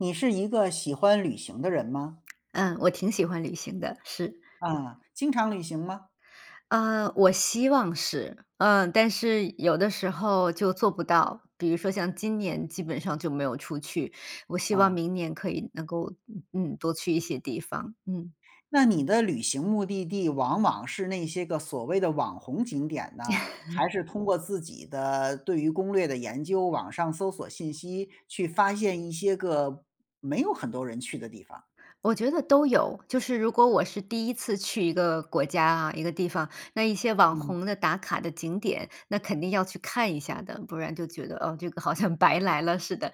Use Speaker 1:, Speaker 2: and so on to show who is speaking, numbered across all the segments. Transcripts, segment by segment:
Speaker 1: 你是一个喜欢旅行的人吗？
Speaker 2: 嗯，我挺喜欢旅行的，是。
Speaker 1: 啊，经常旅行吗？
Speaker 2: 呃，我希望是，嗯，但是有的时候就做不到。比如说像今年基本上就没有出去，我希望
Speaker 1: 啊。
Speaker 2: 明年可以能够，嗯，多去一些地方，嗯。
Speaker 1: 那你的旅行目的地往往是那些个所谓的网红景点呢，还是通过自己的对于攻略的研究，网上搜索信息，去发现一些个没有很多人去的地方？
Speaker 2: 我觉得都有，就是如果我是第1次去一个国家啊，一个地方，那一些网
Speaker 1: 嗯。
Speaker 2: 红的打卡的景点，那肯定要去看一下的。不然就觉得，哦，这个好像白来了似的，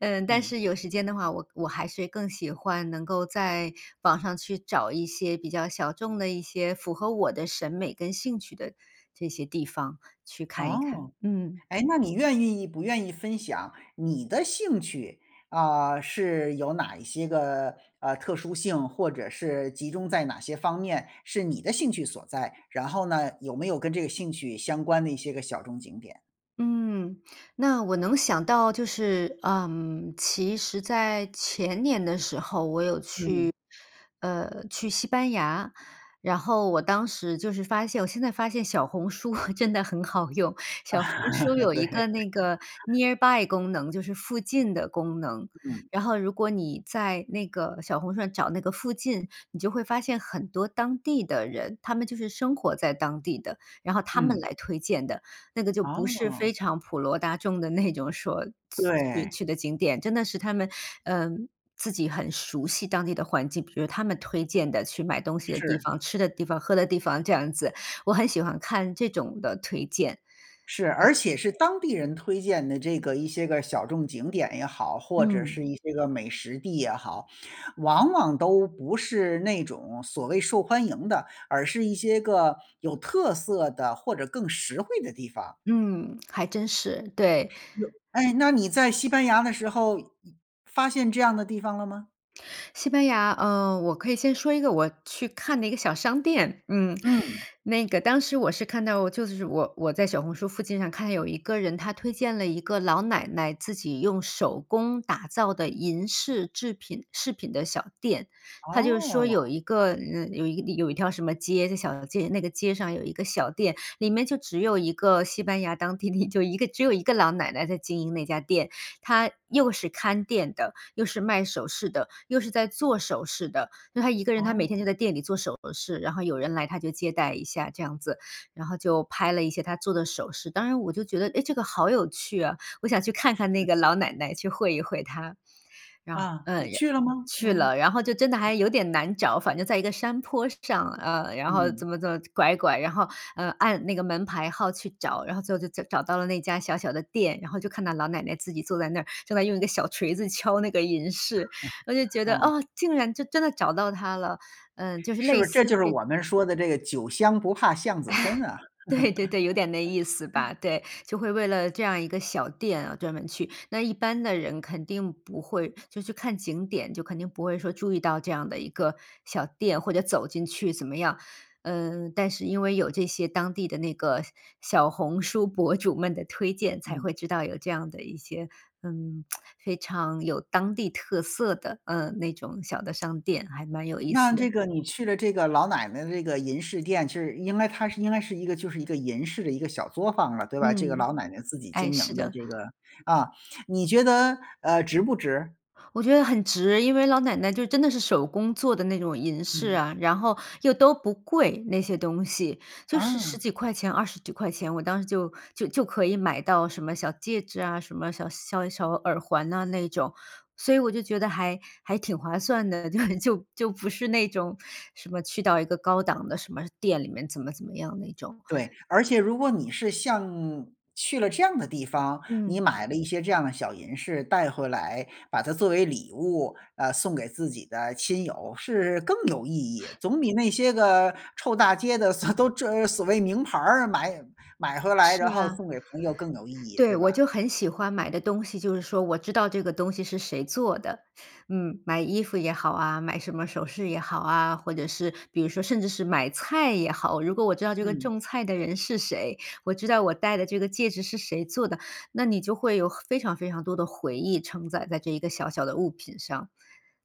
Speaker 2: 嗯，但
Speaker 1: 嗯。
Speaker 2: 是有时间的话，我我还是更喜欢能够在网上去找一些比较小众的，一些符合我的审美跟兴趣的这些地方去看一
Speaker 1: 哦，
Speaker 2: 看，嗯。
Speaker 1: 哎，那你愿意不愿意分享你的兴趣，啊，是有哪一些个，呃，特殊性或者是集中在哪些方面，是你的兴趣所在？然后呢，有没有跟这个兴趣相关的一些个小众景点？
Speaker 2: 嗯，那我能想到就是，嗯，其实在前年的时候我有去，
Speaker 1: 嗯。
Speaker 2: 呃，去西班牙。然后我当时就是发现我现在发现小红书 真的很好用。小红书 有
Speaker 1: 对。
Speaker 2: 一 个那个 nearby 功能，就是附近的功能。
Speaker 1: 嗯。
Speaker 2: 然后如果你在那个小红书上找那个附近，你就会发现很多当地的人，他们就是生活在当地的，然后他们
Speaker 1: 嗯。
Speaker 2: 来推荐的，那个就不是
Speaker 1: 哦。
Speaker 2: 非常普罗大众的那种说去
Speaker 1: 对。
Speaker 2: 去的景点，真的是他们，嗯，自己很熟悉当地的环境。比如他们推荐的去买东西的地
Speaker 1: 是。
Speaker 2: 方、吃的地方、喝的地方这样子，我很喜欢看这种的推荐。
Speaker 1: 是，
Speaker 2: 嗯。
Speaker 1: 而且是当地人推荐的这个一些个小众景点也好，或者是
Speaker 2: 嗯。
Speaker 1: 一些个美食地也好，往往都不是那种所谓受欢迎的，而是一些个有特色的或者更实惠的地方。
Speaker 2: 嗯，还真是，对。
Speaker 1: 那哎，那你在西班牙的时候，以发现这样的地方了吗？
Speaker 2: 西班牙，呃，我可以先说一个我去看的一个小商店，嗯。
Speaker 1: 嗯。
Speaker 2: 那个当时我是看到就是我我在小红书附近上看见有一个人，他推荐了一个老奶奶自己用手工打造的银饰制品饰品的小店。他就说有
Speaker 1: 哦。
Speaker 2: 一个，呃，有一个有一条什么街的小街那个街上有一个小店，里面就只有一个西班牙当地的一就一个只有一个老奶奶在经营那家店。她又是看店的、又是卖首饰的、又是在做首饰的。那她一个人她每天
Speaker 1: 哦。
Speaker 2: 就在店里做首饰，然后有人来她就接待一下这样子，然后就拍了一些她做的首饰。当然我就觉得，诶，这个好有趣啊，我想去看看那
Speaker 1: 是。
Speaker 2: 个老奶奶、去会一会她。然后，
Speaker 1: 啊，
Speaker 2: 呃，
Speaker 1: 你
Speaker 2: 然
Speaker 1: 去了吗？
Speaker 2: 去
Speaker 1: 嗯。
Speaker 2: 了，然后就真的还有点难找。反正在一个山坡上，呃，然后
Speaker 1: 嗯。
Speaker 2: 怎么怎么拐拐，然后，呃，按那个门牌号去找，然后最后就角找到了那家小小的店。然后就看到老奶奶自己坐在那儿，正在用一个小锤子敲那个银饰。我就觉 得，
Speaker 1: 哦。
Speaker 2: 哦，竟然就真的找到她了，嗯，就是
Speaker 1: 是不
Speaker 2: 类
Speaker 1: 是这
Speaker 2: 似
Speaker 1: 就是
Speaker 2: 这
Speaker 1: 我
Speaker 2: 种
Speaker 1: 们说的这个酒香不怕巷子深啊？
Speaker 2: 对对对，有点那意思 吧。对，就会为了这样一个小店啊专门去。那一般的人肯定不会就去看景点，就肯定不会说注意到这样的一个小店，或者走进去怎么样。嗯，但是因为有这些当地的那个小小红书博主们的推荐，才
Speaker 1: 嗯。
Speaker 2: 会知道有这样的一些，嗯，非常有当地特色的，呃，那种小的商店，还蛮有意
Speaker 1: 那
Speaker 2: 思的。
Speaker 1: 这个你去了这个老奶奶的这个银饰店，其实应该它是应该是一个就是一个银饰的一个小作坊了，对吧？这个
Speaker 2: 嗯，
Speaker 1: 老奶奶自己
Speaker 2: 哎，
Speaker 1: 经
Speaker 2: 是
Speaker 1: 营的
Speaker 2: 的。
Speaker 1: 这个啊，你觉得，呃，值不值？
Speaker 2: 我觉得很值。因为老奶奶就真的是手工做的那种银饰
Speaker 1: 嗯。
Speaker 2: 啊，然后又都不贵那些东西，就是10
Speaker 1: 啊。
Speaker 2: 几块钱、20几块钱，我当时就就就可以买到什么小戒指啊、什么小小小耳环呐那种。所以我就觉得还还挺划算的，就就就不是那种什么去到一个高档的什么店里面怎么怎么样那种。
Speaker 1: 对，而且如果你是像去了这样的地方，你
Speaker 2: 嗯。
Speaker 1: 买了一些这样的小银饰带回来，把它作为礼物，呃，送给自己的亲友，是更有意义。总比那些个臭大街的所都这所谓名牌儿买买回来，然
Speaker 2: 是
Speaker 1: 后
Speaker 2: 啊。
Speaker 1: 送给朋友更有意义，
Speaker 2: 对，
Speaker 1: 对
Speaker 2: 我
Speaker 1: 吧？
Speaker 2: 就很喜欢买的东西就是说我知道这个东西是谁做的。嗯，买衣服也好啊、买什么首饰也好啊，或者是比如说甚至是买菜也好，如果我知道这个
Speaker 1: 嗯。
Speaker 2: 种菜的人是谁，我知道我戴的这个戒指是谁做的，那你就会有很非常非常多的回忆承载在这一个小小的物品上。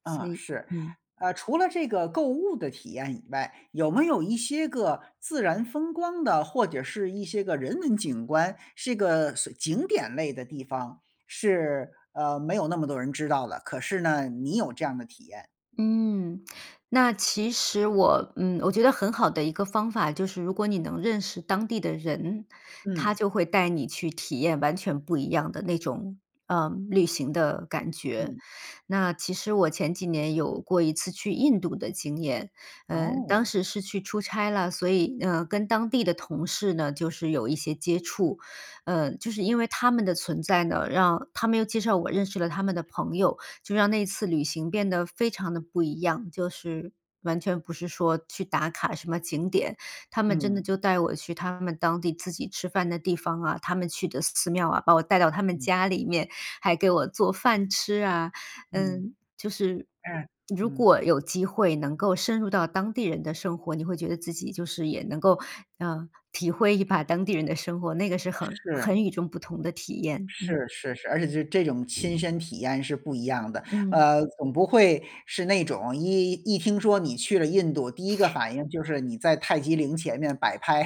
Speaker 2: 所
Speaker 1: 啊，
Speaker 2: 以，
Speaker 1: 是。
Speaker 2: 嗯
Speaker 1: 呃，除了这个购物的体验以外，有没有一些个自然风光的，或者是一些个人文景观，是个所景点类的地方是，呃，没有那么多人知道的，可是呢，你有这样的体验？
Speaker 2: 嗯，那其实我，嗯，我觉得很好的一个方法就是如果你能认识当地的人，他
Speaker 1: 嗯。
Speaker 2: 就会带你去体验完全不一样的那种，呃，旅行的感觉。
Speaker 1: 嗯。
Speaker 2: 那其实我前几年有过一次去印度的经验，嗯，当
Speaker 1: 哦。
Speaker 2: 时是去出差了，所以，呃，跟当地的同事呢就是有一些接触。嗯，就是因为他们的存在呢，让他们又介绍我认识了他们的朋友，就让那次旅行变得非常地不一样，就是完全不是说去打卡什么景点。他们真的
Speaker 1: 嗯。
Speaker 2: 就带我去他们当地自己吃饭的地方啊、他们去的寺庙啊，把我带到他们
Speaker 1: 嗯。
Speaker 2: 家里面，还给我做饭吃啊。
Speaker 1: 嗯，
Speaker 2: 嗯，就是
Speaker 1: 哎，
Speaker 2: 如
Speaker 1: 嗯。
Speaker 2: 果有机会能够深入到当地人的生活，你会觉得自己就是也能够，呃，体会一把当地人的生活，那个是很
Speaker 1: 是。
Speaker 2: 很与众不同的体验。
Speaker 1: 是
Speaker 2: 嗯。
Speaker 1: 是是，而且这这种亲身体验是不一样的。
Speaker 2: 嗯。
Speaker 1: 呃，总不会是那种一一听说你去了印度，第一个 反应就是你在泰姬陵前面摆拍。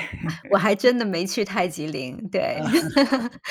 Speaker 2: 我还真 的没去泰姬陵，对，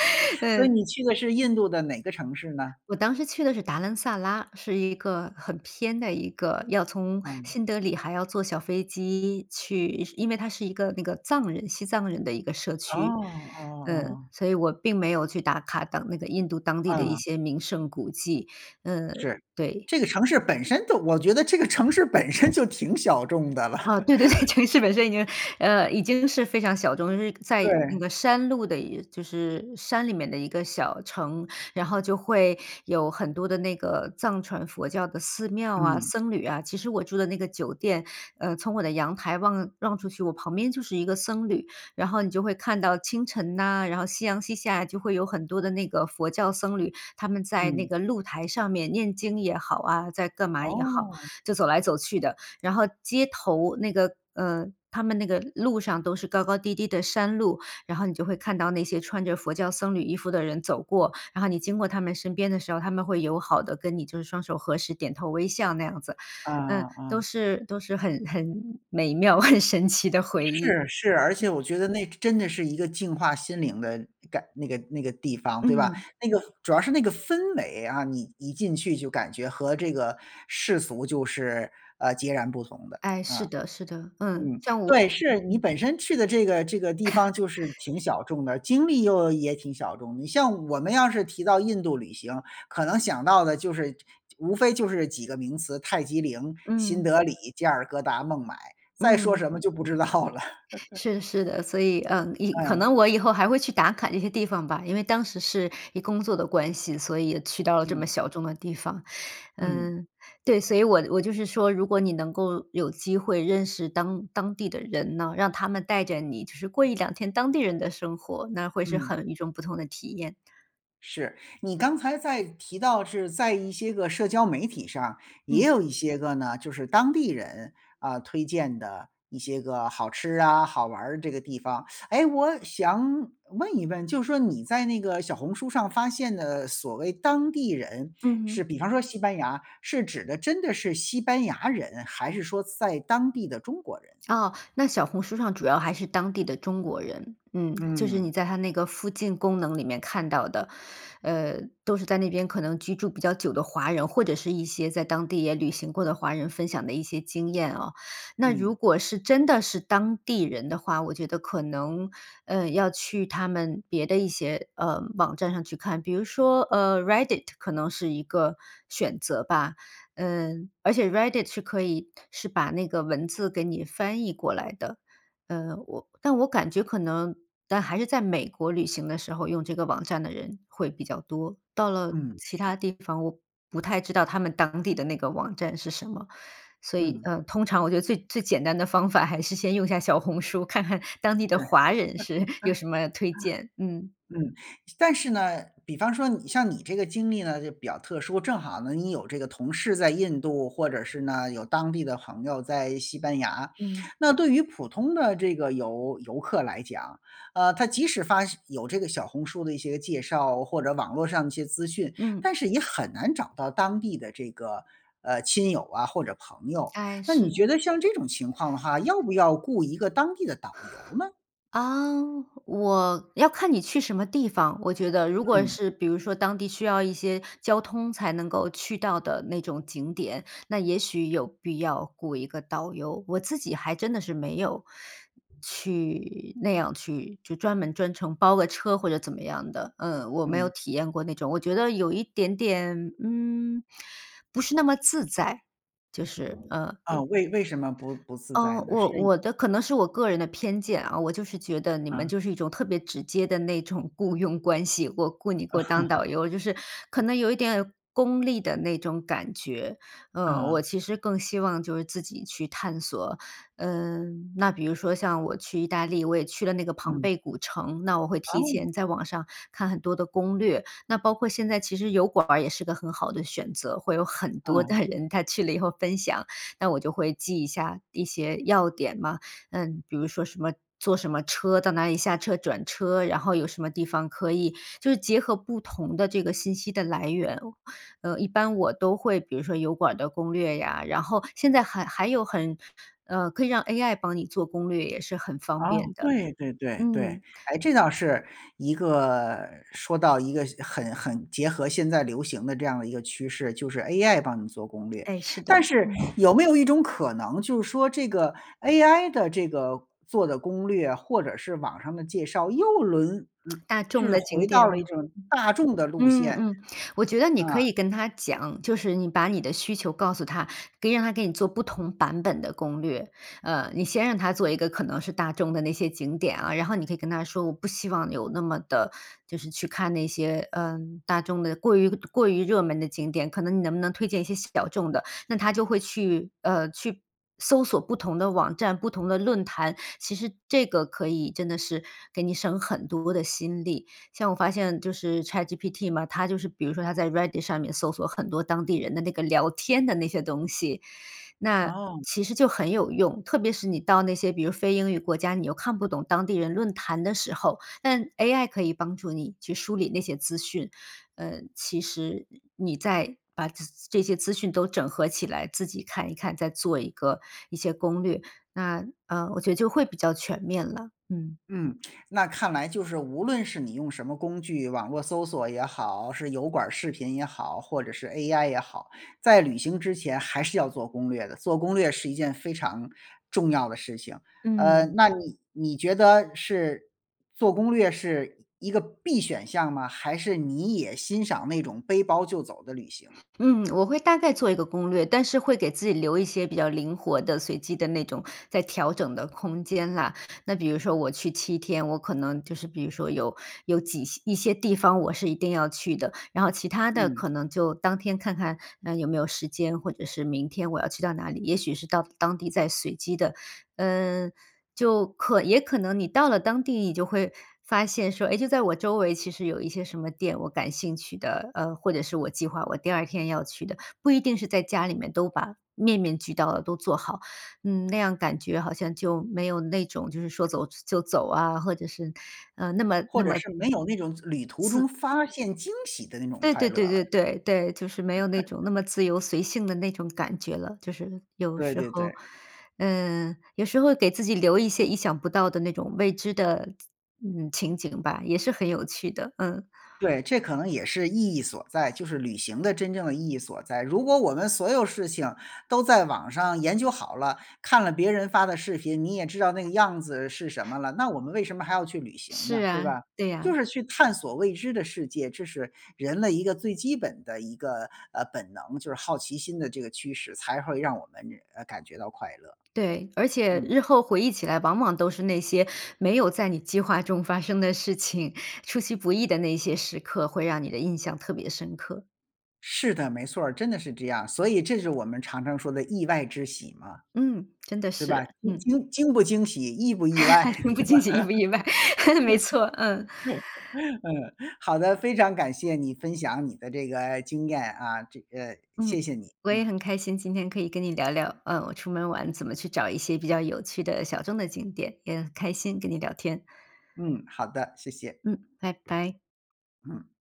Speaker 1: 所以
Speaker 2: 嗯。
Speaker 1: 你去的是印度的哪个城市呢？
Speaker 2: 我当时去的是达兰萨拉，是一个很偏的一个要从
Speaker 1: 嗯。
Speaker 2: 新德里还要坐小飞机去因为它是一个那个藏人西藏人的一个社
Speaker 1: 哦，
Speaker 2: 区。
Speaker 1: 哦
Speaker 2: 嗯，
Speaker 1: 哦。
Speaker 2: 所以我并没有去打卡当那个印度当地的一
Speaker 1: 嗯。
Speaker 2: 些名胜古迹，嗯，
Speaker 1: 是，
Speaker 2: 对。
Speaker 1: 这个城市本身都我觉得这个城市本身就挺小众的了。
Speaker 2: 啊，对对对。城市本身已经，呃，已经是非常小众。就是在那
Speaker 1: 对。
Speaker 2: 个山路的就是山里面的一个小城，然后就会有很多的那个藏传佛教的寺庙啊、
Speaker 1: 嗯。
Speaker 2: 僧侣啊。其实我住的那个酒店，呃，从我的阳台望望出去，我旁边就是一个僧侣。然后你就会看到清晨呐，然后夕阳西下就会有很多的那个佛教僧侣，他们在那
Speaker 1: 嗯。
Speaker 2: 个露台上面念经也好啊、在干嘛也好，
Speaker 1: 哦。
Speaker 2: 就走来走去的。然后街头那个，呃，他们那个路上都是高高低低的山路，然后你就会看到那些穿着佛教僧侣衣服的人走过。然后你经过他们身边的时候，他们会友好地跟你就是双手合十、点头微笑那样子。
Speaker 1: 嗯
Speaker 2: 嗯，
Speaker 1: 嗯
Speaker 2: 都
Speaker 1: 嗯。
Speaker 2: 是都是很很美妙、很神奇的回忆。
Speaker 1: 是是，而且
Speaker 2: 嗯。
Speaker 1: 我觉得那真真的是一个净化心灵的感那个那个地方，对吧？
Speaker 2: 嗯。
Speaker 1: 那个主要是那个氛围啊，你一进去就感觉和这个世俗就是，呃，截然不同的，
Speaker 2: 哎，是
Speaker 1: 啊。
Speaker 2: 的，是的。嗯，
Speaker 1: 嗯，
Speaker 2: 像我
Speaker 1: 对，是，你本身去的这个这个地方就是挺 小众的，经历又也挺小众。你像我们要是提到印度旅行，可能想到的就是这无非就是几个名词：泰姬陵、新
Speaker 2: 嗯。
Speaker 1: 德里、加尔各答、孟买，再说
Speaker 2: 嗯。
Speaker 1: 什么就不知道了。
Speaker 2: 是的是的。所以，呃，以可
Speaker 1: 嗯。
Speaker 2: 能我以后还会去打卡这些地方吧，因为当时是以工作的关系，所以也去到了这么
Speaker 1: 嗯。
Speaker 2: 小众的地方。
Speaker 1: 嗯。
Speaker 2: 嗯，对，所以我我就是说，如果你能够有机会认识当当地的人呢，让他们带着你就是过1-2天当地人的生活，那会是
Speaker 1: 嗯。
Speaker 2: 很与众不同的体验。
Speaker 1: 是，你刚才在提到是在一些个社交媒体上也
Speaker 2: 嗯。
Speaker 1: 有一些个呢，就是当地人，啊，推荐的一些个好吃啊，好玩的这个地方。诶，我想问一问，就说你在那个小红书上发现的所谓当地人，
Speaker 2: 嗯
Speaker 1: 是
Speaker 2: 哼。
Speaker 1: 比方说西班牙，是指的真的是西班牙人，还是说在当地的中国人？
Speaker 2: 哦，那小红书上主要还是当地的中国人，嗯，就是你
Speaker 1: 嗯。
Speaker 2: 在他那个附近功能里面看到的。呃，都是在那边可能居住比较久的华人，或者是一些在当地也旅行过的华人分享的一些经验啊。那如
Speaker 1: 嗯。
Speaker 2: 果是真的是当地人的话，我觉得可能，呃，要去他们别的一些，呃，网站上去看，比如说，呃，Reddit 可能是一个选择吧。嗯，而且 Reddit 是可以是把那个文字给你翻译过来的。呃，我但我感觉可能但还是在美国旅行的时候，用这个网站的人会比较多，到了
Speaker 1: 嗯，
Speaker 2: 其
Speaker 1: 是。
Speaker 2: 它地方，我不太知道他们当地的那个网站是什么。所以，
Speaker 1: 嗯。
Speaker 2: 呃，通常我觉得最最简单的方法还是先用一下小红书，看看当地的
Speaker 1: 对。
Speaker 2: 华人是有什么推荐，嗯。
Speaker 1: 嗯，但是呢，比方说你像你这个经历呢就比较特殊，正好呢你有这个同事在印度，或者是呢，有当地的朋友在西班牙。
Speaker 2: 嗯。
Speaker 1: 那对于普通的这个游游客来讲，呃，他即使发现有这个小红书的一些介绍，或者网络上的一些资讯，
Speaker 2: 嗯。
Speaker 1: 但是也很难找到当地的这个，呃，亲友啊或者朋友。
Speaker 2: 哎，
Speaker 1: 那你
Speaker 2: 是。
Speaker 1: 觉得像这种情况的话，要不要雇一个当地的导游呢？
Speaker 2: 啊，我要看你去什么地方，我觉得。如果
Speaker 1: 嗯。
Speaker 2: 是比如说当地需要一些交通才能够去到的那种景点，那也许有必要雇一个导游。我自己还真的是没有去那样去就专门专程包个车或者怎么样的，嗯，我没有
Speaker 1: 嗯。
Speaker 2: 体验过那种。我觉得有一点点，嗯，不是那么自在，就是呃，
Speaker 1: 啊，
Speaker 2: 对。
Speaker 1: 为为什么不不自在
Speaker 2: 哦，
Speaker 1: 呢？
Speaker 2: 我
Speaker 1: 是
Speaker 2: 我的可能是我个人的偏见啊，我就是觉得你们
Speaker 1: 啊。
Speaker 2: 就是一种特别直接的那种雇佣关系，我雇你给我当导游，就是 可
Speaker 1: 嗯。
Speaker 2: 能有一点功利的那种感觉。呃，我
Speaker 1: 啊。
Speaker 2: 其实更希望就是自己去探索，嗯，那比如说像我去意大利，我也去了那个庞
Speaker 1: 嗯。
Speaker 2: 贝古城，那我会提
Speaker 1: 哦。
Speaker 2: 前在网上看很多的攻略。那包括现在其实油管儿也是个很好的选择，会有很多
Speaker 1: 嗯。
Speaker 2: 的人他去了以后分享，那我就会记一下一些要点嘛。嗯，比如说什么，坐什么车到哪里下车转车，然后有什么地方可以，就是结合不同的这个信息的来源，呃，一般我都会比如说油管的攻略呀，然后现在还还有很，呃，可以让 AI 帮你做攻略也是很方
Speaker 1: 啊，
Speaker 2: 便的，
Speaker 1: 对对对对，
Speaker 2: 嗯。
Speaker 1: 诶，这倒是一个说到一个很很结合现在流行的这样的一个趋势，就是 AI 帮你做攻略。
Speaker 2: 诶，是
Speaker 1: 但
Speaker 2: 的。
Speaker 1: 是
Speaker 2: 嗯。
Speaker 1: 有没有一种可能就是说这个 AI 的这个做的攻略，或者是网上的介绍，又轮轮嗯，
Speaker 2: 大
Speaker 1: 就
Speaker 2: 众
Speaker 1: 是
Speaker 2: 的
Speaker 1: 回
Speaker 2: 景
Speaker 1: 到
Speaker 2: 点，
Speaker 1: 了一
Speaker 2: 嗯，
Speaker 1: 种大众的路
Speaker 2: 嗯
Speaker 1: 线。
Speaker 2: 嗯，我觉得你可
Speaker 1: 啊。
Speaker 2: 以跟它讲，就是你把你的需求告诉它，可以让它给你做不同版本的攻略。呃，你先让它做一个可能是大众的那些景点啊，然后你可以跟它说，我不希望有那么的就是去看那些，呃，大众的过于过于热门的景点，可能你能不能推荐一些小众的？那它就会去，呃，去搜索不同的网站，不同的论坛。其实这个可以真的是给你省很多的心力，像我发现就是 Chatgpt 嘛，它就是比如说它在 Reddit 上面搜索很多当地人的那个聊天的那些东西，那
Speaker 1: 哦。
Speaker 2: 其实就很有用。特别是你到那些比如非英语国家，你又看不懂当地人论坛的时候，但 AI 可以帮助你去梳理那些资讯。嗯，其实你在把咨这些资讯都整合起来，自己看一看，再做一个一些攻略，那呃，我觉得就会比较全面了，嗯。
Speaker 1: 嗯，那看来就是无论是你用什么工具，网络搜索也好，是油管儿视频也好，或者是 AI 也好，在旅行之前还是要做攻略的，做攻略是一件非常重要的事情。呃，
Speaker 2: 嗯。
Speaker 1: 那你你觉得是做攻略是一个必选项吗？还是你也欣赏那种背包就走的旅行。
Speaker 2: 嗯，我会大概做一个攻略，但是会给自己留一些比较灵活的随机的那种再调整的空间啦。那比如说我去7天，我可能就是比如说有有挤一些地方，我是一定要去的，然后其它的
Speaker 1: 嗯。
Speaker 2: 可能就当天看看，呃，有没有时间，或者是明天我要去到哪里。也许是到当地再随机的。嗯，就可也可能你到了当地你就会发现说，诶，就在我周围其实有一些什么店我感兴趣的，呃，或者是我计划我第2天要去的。不一定是在家里面都把面面俱到的都做好，嗯，那样感觉好像就没有那种就是说走就走啊，或者是，呃，那么
Speaker 1: 或
Speaker 2: 那
Speaker 1: 者
Speaker 2: 么
Speaker 1: 是没有那种就旅途中
Speaker 2: 自
Speaker 1: 发现惊喜的那种
Speaker 2: 对
Speaker 1: 快
Speaker 2: 对
Speaker 1: 乐
Speaker 2: 对
Speaker 1: 了。
Speaker 2: 对对对，就是没有那
Speaker 1: [unintelligible]
Speaker 2: 种那么自由随性的那种感觉了，就是有
Speaker 1: 对
Speaker 2: 时
Speaker 1: 对
Speaker 2: 候。
Speaker 1: 对。
Speaker 2: 嗯，有时候给自己留一些意想不到的那种未知的，嗯，情景吧，也是很有趣的，嗯。
Speaker 1: 对，这可能也是意义所在，就是旅行的真正的意义所在。如果我们所有事情都在网上研究好了，看了别人发的视频，你也知道那个样子是什么了，那我们为什么还要去旅行
Speaker 2: 是
Speaker 1: 呢，对
Speaker 2: 啊，
Speaker 1: 吧。
Speaker 2: 对
Speaker 1: 就
Speaker 2: 呀。
Speaker 1: 是去探索未知的世界，这是人类一个最基本的一个，呃，本能，就是好奇心的这个驱使，才会让我们，呃，感觉到快乐。
Speaker 2: 对，而且
Speaker 1: 嗯。
Speaker 2: 日后回忆起来往往都是那些没有在你计划中发生的事情，出其不意的那些时刻会让你的印象特别深刻。
Speaker 1: 是的，没错儿，真的是这样，所以这是我们常常说的意外之喜嘛。
Speaker 2: 嗯，真的
Speaker 1: 对吧，
Speaker 2: 是，
Speaker 1: 惊
Speaker 2: 嗯。
Speaker 1: 惊惊不惊喜意不意外，对
Speaker 2: 惊不惊，喜意不意外，没错，嗯。
Speaker 1: 吧？嗯，好的，非常感谢你分享你的这个经验啊，这个谢
Speaker 2: 嗯，
Speaker 1: 谢你，
Speaker 2: 我也
Speaker 1: 嗯。
Speaker 2: 很开心，今天可以跟你聊聊，呃，我出门玩怎么去找一些比较有趣的小众的景点，也很开心跟你聊天。
Speaker 1: 嗯，好的，谢谢。
Speaker 2: 嗯，拜拜。
Speaker 1: 嗯。